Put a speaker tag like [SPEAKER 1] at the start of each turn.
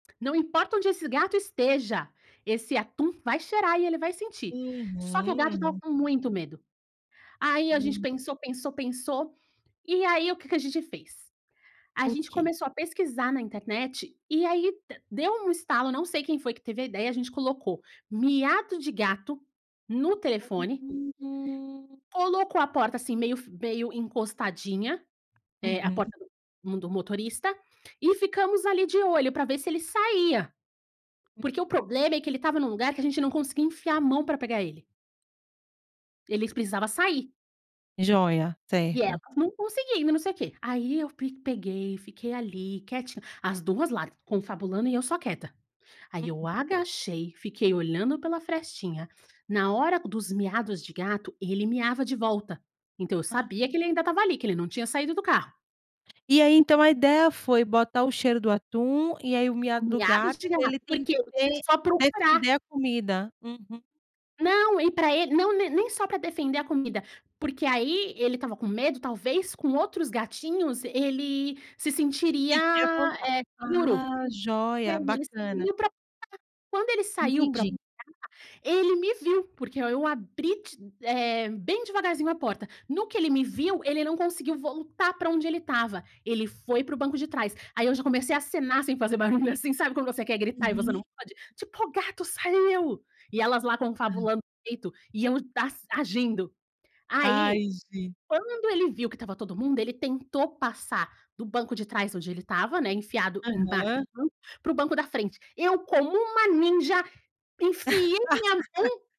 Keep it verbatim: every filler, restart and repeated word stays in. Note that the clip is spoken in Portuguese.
[SPEAKER 1] "Não importa onde esse gato esteja, esse atum vai cheirar e ele vai sentir.", só que o gato estava
[SPEAKER 2] Uhum.
[SPEAKER 1] com muito medo. Aí a gente
[SPEAKER 2] Hum.
[SPEAKER 1] pensou, pensou, pensou, e aí o que que a gente fez? A
[SPEAKER 2] O
[SPEAKER 1] gente
[SPEAKER 2] que?
[SPEAKER 1] começou a pesquisar na internet, e aí de deu um estalo, não sei quem foi que teve a ideia, a gente colocou "miado de gato" no telefone
[SPEAKER 2] Uhum, hum.
[SPEAKER 1] colocou a porta, assim, meio f meio encostadinha, eh, a
[SPEAKER 2] Uhum.
[SPEAKER 1] porta do mun do motorista, e ficamos ali de olho, para ver se ele saía,
[SPEAKER 2] Hum.
[SPEAKER 1] porque o problema é que ele estava em um lugar, que a gente não conseguia enfiar a mão para pegar ele. Eles precisava sair
[SPEAKER 2] Joia,
[SPEAKER 1] e
[SPEAKER 2] certo.
[SPEAKER 1] elas não conseguindo e não sei quê. Aí eu pi peguei, fiquei ali quietinha, as duas lá, confabulando e eu só quieta. Aí
[SPEAKER 2] Uhum.
[SPEAKER 1] eu agachei, fiquei olhando pela frestinha, na hora dos miados de gato, ele miava de volta. Então, eu
[SPEAKER 2] Hã.
[SPEAKER 1] sabia que ele ainda estava ali, que ele não tinha saído do carro
[SPEAKER 2] E aí, então, a ideia foi botar o cheiro do atum, e aí o miado do
[SPEAKER 1] Miados
[SPEAKER 2] gato
[SPEAKER 1] de gato,
[SPEAKER 2] ele tem
[SPEAKER 1] porque foi
[SPEAKER 2] que
[SPEAKER 1] só procurar
[SPEAKER 2] defender a comida? Uhum.
[SPEAKER 1] Não, e pra ele não, ne nem só pra defender a comida, porque aí ele estava com medo, talvez, com outros gatinhos ele se
[SPEAKER 2] Se
[SPEAKER 1] sentiria,
[SPEAKER 2] sentir à vontade.
[SPEAKER 1] eh, seguro.
[SPEAKER 2] Ah,
[SPEAKER 1] E aí
[SPEAKER 2] joia.
[SPEAKER 1] ele
[SPEAKER 2] Bacana.
[SPEAKER 1] saiu pra [unintelligible] quando ele saiu pra
[SPEAKER 2] Entendi.
[SPEAKER 1] [unintelligible] ele me viu, porque oi eu abri ti eh, bem devagarzinho a porta. No que ele me viu, ele não conseguiu voltar para onde ele estava, ele foi para o banco de trás. Aí eu já comecei a acenar, sem fazer barulho, assim, sabe quando você quer gritar e você
[SPEAKER 2] Uhum.
[SPEAKER 1] não pode? Tipo: "O gato saiu!" e elas lá
[SPEAKER 2] Hã.
[SPEAKER 1] confabulando [unintelligible] peito e eu dass agindo. Aí,
[SPEAKER 2] Ai, gente.
[SPEAKER 1] quando ele viu que estava todo mundo, ele tentou passar do banco de trás onde ele estava, né, enfiado embaixo,
[SPEAKER 2] Aham.
[SPEAKER 1] para o banco da frente. Eu, como uma ninja, enfiei na minha mão